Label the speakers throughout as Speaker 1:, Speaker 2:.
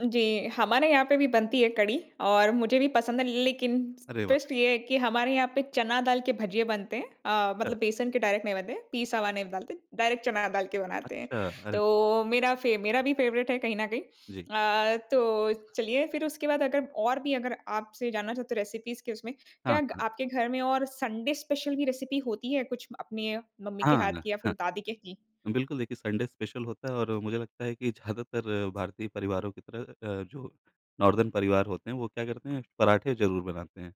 Speaker 1: जी, हमारे यहाँ पे भी बनती है कढ़ी, और मुझे भी पसंद है लेकिन
Speaker 2: अरे! वाह।
Speaker 1: ट्विस्ट ये है कि हमारे यहाँ पे चना दाल के भजिए बनते हैं। अ,
Speaker 2: अ।
Speaker 1: मतलब बेसन के डायरेक्ट नहीं बनते हैं, पीसा हुआ नहीं डालते डायरेक्ट चना डाल के बनाते हैं।
Speaker 2: अच्छा, अरे।
Speaker 1: तो मेरा फेव मेरा भी फ़ेवरेट है कहीं न कहीं।
Speaker 2: जी।
Speaker 1: अ, तो चलिए फिर उसके बाद अगर और भी अगर आपसे जानना चाहते तो रेसिपीज़ के उसमें
Speaker 2: हाँ,
Speaker 1: क्या
Speaker 2: हाँ।
Speaker 1: आपके घर में और संडे स्पेशल भी रेसिपी होती है कुछ अपने मम्मी के
Speaker 2: हाँ,
Speaker 1: हाथ
Speaker 2: हाँ,
Speaker 1: की या फिर दादी के की?
Speaker 2: हाँ। बिल्कुल देखिए संडे स्पेशल होता है और मुझे लगता है कि ज़्यादातर भारतीय परिवारों की तरह अ, जो नॉर्दर्न परिवार होते हैं वो क्या करते हैं, पराठे ज़रूर बनाते हैं।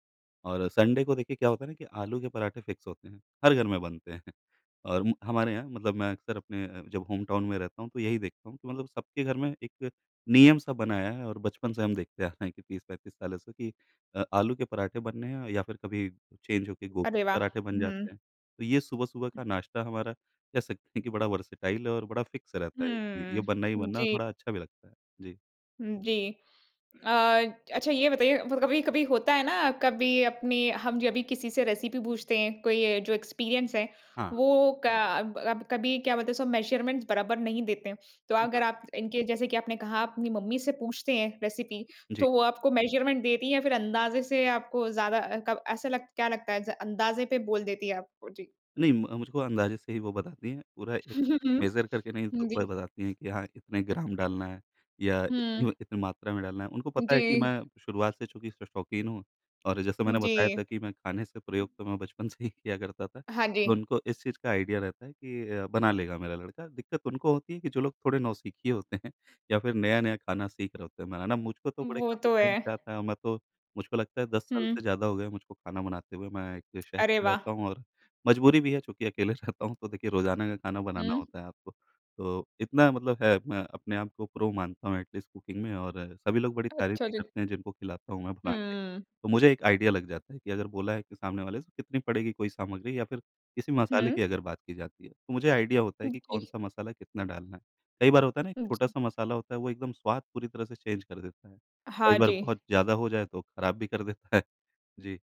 Speaker 2: और संडे को देखिए क्या होता है ना कि आलू के पराठे फ़िक्स होते हैं हर घर में बनते हैं। और हमारे यहाँ मतलब मैं अक्सर अपने जब होमटाउन में रहता हूँ तो यही देखता हूँ। मतलब सबके घर में एक नियम सा बनाया है और बचपन से हम देखते आ रहे हैं कि 30-35 सालों से कि अ, आलू के पराठे बनने हैं या फिर कभी चेंज होके गोभी
Speaker 1: अरे
Speaker 2: के
Speaker 1: वाह!
Speaker 2: पराठे बन
Speaker 1: हुँ।
Speaker 2: जाते हैं। तो ये सुबह सुबह का नाश्ता हमारा कह सकते हैं कि बड़ा वर्सेटाइल है और फ़िक्स रहता है। ये
Speaker 1: हम्म,
Speaker 2: बनना ही बनना और
Speaker 1: जी।
Speaker 2: थोड़ा अच्छा भी लगता है। जी।
Speaker 1: उम, जी। अ अच्छा ये बताइए कभी-कभी होता है ना, कभी अपनी हम जब भी किसी से रेसिपी पूछते हैं कोई जो एक्सपीरियंस है
Speaker 2: हाँ।
Speaker 1: वो क अब अब कभी क्या बोलते हैं उसमे मेज़रमेंट बराबर नहीं देते हैं। तो
Speaker 2: ज
Speaker 1: अगर आप इनके जैसे कि आपने कहा आप अपनी मम्मी से पूछते हैं रेसिपी
Speaker 2: जी।
Speaker 1: तो वो आपको मेज़रमेंट देती है या फिर अंदाज़े से आपको ज़्यादा क ऐसा लगता क्या लगता है अंदज़े पे बोल देती है आपको? जी।
Speaker 2: नहीं, म मुझको अंदाज़े से ही वो बताती है, पूरा एक
Speaker 1: हुँ,
Speaker 2: मेज़र करके नहीं
Speaker 1: जी।
Speaker 2: बताती है कि हाँ इतने ग्राम डालना है या
Speaker 1: हुँ।
Speaker 2: इतनी इतनी मात्रा में डालना है, उनको पता है कि
Speaker 1: जी।
Speaker 2: मैं शुरुआत से चूँकि शो शौकीन हूँ और जैसा मैंने बताया था
Speaker 1: जी।
Speaker 2: कि मैं खाने से प्रयोग तो मैं बचपन से ही किया करता था।
Speaker 1: हाँ
Speaker 2: तो
Speaker 1: जी।
Speaker 2: उनको इस चीज़ का आइडिया रहता है कि अ, बना लेगा मेरा लड़का दिक्कत उनको होती है कि जो लोग थोड़े नौसिखिये होते हैं या फिर नया-नया खाना सीख रहे होते हैं बनाना। मुझको तो
Speaker 1: वो
Speaker 2: काफ़ी
Speaker 1: तो
Speaker 2: टाइम
Speaker 1: है।
Speaker 2: से आता है और मैं तो मुझको लगता है 10 साल
Speaker 1: हुँ।
Speaker 2: से ज़्यादा हो गए है मुझको खाना बनाते हुए। मैं एक शहर
Speaker 1: अरे
Speaker 2: में
Speaker 1: वाह!
Speaker 2: रहता हूँ और मज़बूरी भी है चूँकि अकेले रहता हूँ तो देखिए रोज़ाना का खाना बनाना
Speaker 1: हुँ।
Speaker 2: होता है आपको। तो इतना मतलब है मैं अपने आपको प्रो मानता हूँ एटलीस्ट कुकिंग में और सभी लोग बड़ी तारीफ़
Speaker 1: अच्छा
Speaker 2: भी
Speaker 1: जी।
Speaker 2: करते हैं जिनको खिलाता हूँ मैं बनाके।
Speaker 1: हम्म।
Speaker 2: तो मुझे एक आइडिया लग जाता है कि अगर बोला है कि सामने वाले से कितनी पड़ेगी कोई सामग्री या फिर किसी मसाले की
Speaker 1: हुँ।
Speaker 2: अगर बात की जाती है। तो मुझे आइडिया होता है
Speaker 1: उम,
Speaker 2: कि
Speaker 1: जी।
Speaker 2: कौन-सा मसाला कितना डालना है? कई बार होता है ना एक
Speaker 1: उ, जी।
Speaker 2: छोटा-सा मसाला होता है, वो एकदम स्वाद पूरी तरह से चेंज कर देता है। कई
Speaker 1: हाँ
Speaker 2: बार
Speaker 1: जी।
Speaker 2: बहुत ज़्यादा हो जाए तो ख़राब भी कर देता है, जी।